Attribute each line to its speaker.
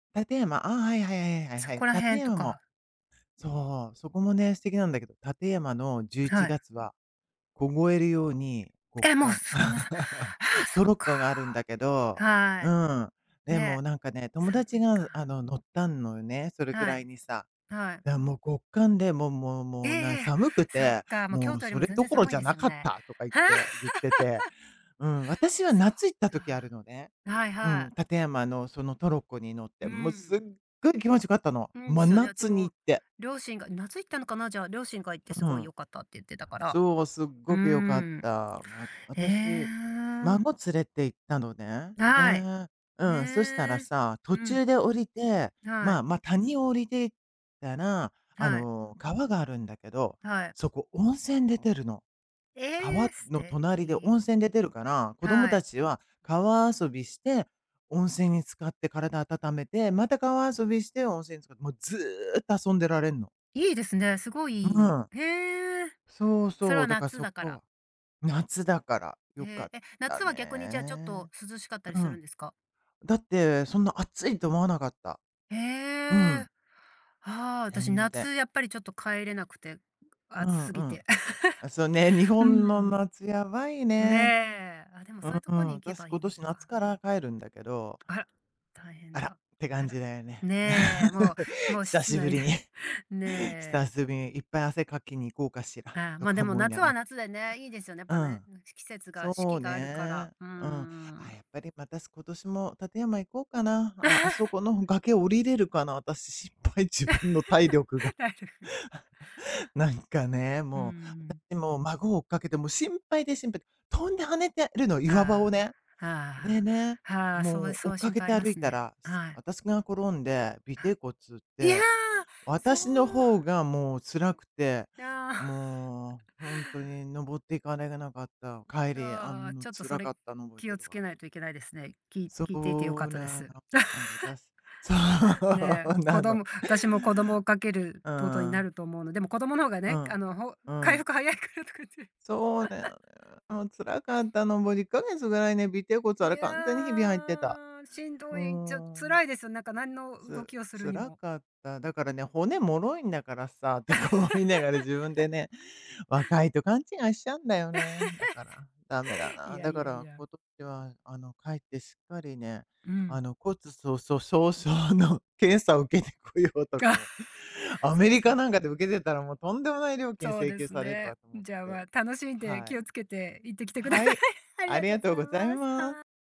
Speaker 1: 館山、ああ、はいはいはいはいはい
Speaker 2: そ
Speaker 1: はい。
Speaker 2: こら
Speaker 1: 館
Speaker 2: 辺と
Speaker 1: 山。
Speaker 2: か。
Speaker 1: そう、そこもね、素敵なんだけど、館山のじゅうい
Speaker 2: は
Speaker 1: ちが
Speaker 2: い。
Speaker 1: つは、凍えるように極
Speaker 2: え、もう
Speaker 1: 寒。
Speaker 2: そんなさあ あ、
Speaker 1: ト
Speaker 2: そっ
Speaker 1: ロッ
Speaker 2: か。
Speaker 1: コがあるんだけど。
Speaker 2: は
Speaker 1: うん。
Speaker 2: い、
Speaker 1: でも
Speaker 2: ね、
Speaker 1: なんかね、友
Speaker 2: 寒
Speaker 1: 達
Speaker 2: い
Speaker 1: があ
Speaker 2: か。
Speaker 1: の、乗ったんのよね、それく
Speaker 2: は
Speaker 1: ら
Speaker 2: い。
Speaker 1: いにさ。
Speaker 2: はい。
Speaker 1: だ、もう極寒で、もうもう
Speaker 2: え、
Speaker 1: もう、
Speaker 2: い
Speaker 1: な
Speaker 2: やいや、
Speaker 1: 「寒く
Speaker 2: そっ
Speaker 1: て、
Speaker 2: か、もう
Speaker 1: も
Speaker 2: 京
Speaker 1: う
Speaker 2: 都より
Speaker 1: そ
Speaker 2: も
Speaker 1: れ
Speaker 2: 全
Speaker 1: ど
Speaker 2: 然
Speaker 1: ころ
Speaker 2: 寒
Speaker 1: じ
Speaker 2: いん
Speaker 1: ゃ
Speaker 2: です
Speaker 1: な
Speaker 2: よ
Speaker 1: かっ
Speaker 2: ね。
Speaker 1: た」とか言って、言ってて。うん、私は
Speaker 2: そっ
Speaker 1: 夏行った時ある
Speaker 2: か。
Speaker 1: のね。
Speaker 2: はい
Speaker 1: う
Speaker 2: は
Speaker 1: ん、
Speaker 2: い。
Speaker 1: 館山のそのトロッコに乗っ
Speaker 2: う
Speaker 1: て。
Speaker 2: ー
Speaker 1: もう凄
Speaker 2: ん。
Speaker 1: い気持ち良かったの。
Speaker 2: うん、で
Speaker 1: 真
Speaker 2: すよね。うち
Speaker 1: 夏に
Speaker 2: も、
Speaker 1: 行って。
Speaker 2: 両親が、夏行ったのかな、じゃあ、両親が行って
Speaker 1: う
Speaker 2: 「凄い
Speaker 1: ん。
Speaker 2: 良かった」って言ってたから。
Speaker 1: そう、すっ
Speaker 2: うー
Speaker 1: ごく良かった。
Speaker 2: ん。
Speaker 1: わ
Speaker 2: へえ、
Speaker 1: 私、
Speaker 2: ああ。
Speaker 1: 孫連れて行ったのね。
Speaker 2: はい。
Speaker 1: で、う
Speaker 2: へ
Speaker 1: ん、そしたら
Speaker 2: え。
Speaker 1: さ、途
Speaker 2: うん。
Speaker 1: 中で降りて、
Speaker 2: は
Speaker 1: ま
Speaker 2: い。
Speaker 1: あまあ、谷を降りて行ったら、あ
Speaker 2: はい。
Speaker 1: の、川があるんだけど、
Speaker 2: はい。
Speaker 1: そこ温泉出てるの。
Speaker 2: え
Speaker 1: 川
Speaker 2: え、素
Speaker 1: の隣で
Speaker 2: 敵。
Speaker 1: 温泉出てるから、子供
Speaker 2: はい。
Speaker 1: 達は川遊びして、温泉に浸かって体温めて、また川遊びして温泉に浸かって、もうずっと遊んでられんの。
Speaker 2: 良いですね、凄い
Speaker 1: う
Speaker 2: 良い。
Speaker 1: ん。
Speaker 2: へえ。
Speaker 1: そう
Speaker 2: それ
Speaker 1: そ
Speaker 2: は
Speaker 1: う、だから
Speaker 2: 夏
Speaker 1: そ
Speaker 2: だから。
Speaker 1: こ夏だから良か
Speaker 2: へ
Speaker 1: っ
Speaker 2: え、え、
Speaker 1: た
Speaker 2: 夏は逆にじゃあ、ちょっと
Speaker 1: ね。
Speaker 2: 涼しかったり
Speaker 1: う
Speaker 2: するん
Speaker 1: ん。
Speaker 2: ですか？
Speaker 1: だって、そんな暑いと思わなかった。
Speaker 2: え
Speaker 1: う
Speaker 2: え。
Speaker 1: ん。
Speaker 2: はあ、私、
Speaker 1: 全然。
Speaker 2: 夏やっぱり、ちょっと帰れなくて、
Speaker 1: う
Speaker 2: 暑
Speaker 1: ん
Speaker 2: 過
Speaker 1: う
Speaker 2: ぎ
Speaker 1: ん。
Speaker 2: て。
Speaker 1: あ、そうね、日
Speaker 2: う
Speaker 1: 本
Speaker 2: ー
Speaker 1: の
Speaker 2: ん。
Speaker 1: 夏やばい
Speaker 2: ね
Speaker 1: ね。
Speaker 2: え、あ、でも、
Speaker 1: う
Speaker 2: そう言うとこ
Speaker 1: ん、
Speaker 2: に行け
Speaker 1: 私、
Speaker 2: ばい
Speaker 1: 今
Speaker 2: いの
Speaker 1: 年夏
Speaker 2: か。
Speaker 1: から帰るんだけど
Speaker 2: あら、大変
Speaker 1: あらっ
Speaker 2: だ。
Speaker 1: て
Speaker 2: あ
Speaker 1: 感じ
Speaker 2: ら。
Speaker 1: だよね。
Speaker 2: ねえ、も う、もう
Speaker 1: 久
Speaker 2: 室
Speaker 1: しぶ
Speaker 2: 内
Speaker 1: り
Speaker 2: で。
Speaker 1: に。
Speaker 2: ね
Speaker 1: 久
Speaker 2: え。
Speaker 1: しぶりに、いっぱい汗かきに行こうかしら、
Speaker 2: ああ、
Speaker 1: と
Speaker 2: まあ、で
Speaker 1: か
Speaker 2: も
Speaker 1: 思いな
Speaker 2: 夏
Speaker 1: が
Speaker 2: は
Speaker 1: ら。
Speaker 2: 夏でね、いいですよね、やっ
Speaker 1: う
Speaker 2: ぱね、
Speaker 1: ん。
Speaker 2: うん、し季節が、
Speaker 1: そ
Speaker 2: 四季
Speaker 1: う
Speaker 2: があるか
Speaker 1: ね。
Speaker 2: ら、うー
Speaker 1: うん。あ
Speaker 2: ん。
Speaker 1: あ、やっぱりまた、今年も館山行こうかな。ああ、あそ この崖降りれるかな、私、心配、自分の体力が。
Speaker 2: 体力が。
Speaker 1: なんかね、
Speaker 2: うー
Speaker 1: もう、だっ
Speaker 2: ん。
Speaker 1: て、もう、孫を追っかけて、もう心配で心配で。飛んで跳ねてるの、岩場
Speaker 2: あ
Speaker 1: をね。
Speaker 2: あ、
Speaker 1: で
Speaker 2: はあ、
Speaker 1: ね、
Speaker 2: はあ、そう、
Speaker 1: も
Speaker 2: い
Speaker 1: う追
Speaker 2: そう
Speaker 1: っか
Speaker 2: 心
Speaker 1: け
Speaker 2: 配あ
Speaker 1: て
Speaker 2: りま
Speaker 1: 歩い
Speaker 2: す
Speaker 1: た
Speaker 2: ね。
Speaker 1: ら、
Speaker 2: はい。
Speaker 1: 私が転んで、尾骶骨打っ
Speaker 2: いや、
Speaker 1: て、
Speaker 2: そう。
Speaker 1: 私の方がもう辛くて、
Speaker 2: いや。
Speaker 1: もう本当に登って行かれなかった。帰りあ
Speaker 2: ああ、
Speaker 1: ん、も、
Speaker 2: ちょっとそ
Speaker 1: 辛
Speaker 2: れ、
Speaker 1: かったの覚え
Speaker 2: 気
Speaker 1: て
Speaker 2: を
Speaker 1: る
Speaker 2: つ
Speaker 1: わ。
Speaker 2: けないといけないですね。き
Speaker 1: そ
Speaker 2: 聞いていて良かっ
Speaker 1: う
Speaker 2: たで
Speaker 1: な
Speaker 2: す。
Speaker 1: の、なん、私そ
Speaker 2: ねえ、
Speaker 1: う
Speaker 2: 子
Speaker 1: なの。
Speaker 2: 供私も子供を追っかける
Speaker 1: う
Speaker 2: っとことにな
Speaker 1: ん。
Speaker 2: ると思うの。でも子供の方が
Speaker 1: う
Speaker 2: ね、あ
Speaker 1: ん、
Speaker 2: の、ほ
Speaker 1: う
Speaker 2: 回
Speaker 1: ん。
Speaker 2: 復早いからとかって。
Speaker 1: そうだよね、もう辛かったの、もう2ヶ月ぐらいね、尾骶骨
Speaker 2: い
Speaker 1: は、完全にヒビ入ってた。
Speaker 2: や、しん
Speaker 1: う
Speaker 2: ど
Speaker 1: ー
Speaker 2: い、じゃ、
Speaker 1: ん。
Speaker 2: 辛いですよ、なんか何の動
Speaker 1: つ
Speaker 2: きをするに
Speaker 1: 辛
Speaker 2: も。
Speaker 1: かった。だからね、骨脆いんだからさ、とか思いながら自分でね、若いと勘違いしちゃうんだよね、だから、駄目だ
Speaker 2: い
Speaker 1: な。
Speaker 2: や
Speaker 1: だ
Speaker 2: い
Speaker 1: か
Speaker 2: やい
Speaker 1: ら
Speaker 2: や。
Speaker 1: 今年は、あの、帰ってしっかりね、
Speaker 2: うん。
Speaker 1: あの、骨粗鬆症の検査を受けてこようとか思う。ア
Speaker 2: そう
Speaker 1: メ
Speaker 2: で
Speaker 1: リ
Speaker 2: す
Speaker 1: カ
Speaker 2: ね。
Speaker 1: なんかで受けてたら、もうとんでもない料金
Speaker 2: そう
Speaker 1: 請
Speaker 2: で
Speaker 1: 求
Speaker 2: す
Speaker 1: される
Speaker 2: ね。
Speaker 1: わと思っ
Speaker 2: じゃあ、ま
Speaker 1: て。
Speaker 2: あ、楽しんで
Speaker 1: は
Speaker 2: 気
Speaker 1: い。
Speaker 2: をつけて行ってきて下さい。
Speaker 1: はい、
Speaker 2: あり
Speaker 1: あ
Speaker 2: が
Speaker 1: り
Speaker 2: とう
Speaker 1: が
Speaker 2: ご
Speaker 1: とう
Speaker 2: ざい
Speaker 1: ご
Speaker 2: ま
Speaker 1: ざい
Speaker 2: す。
Speaker 1: ま
Speaker 2: はい。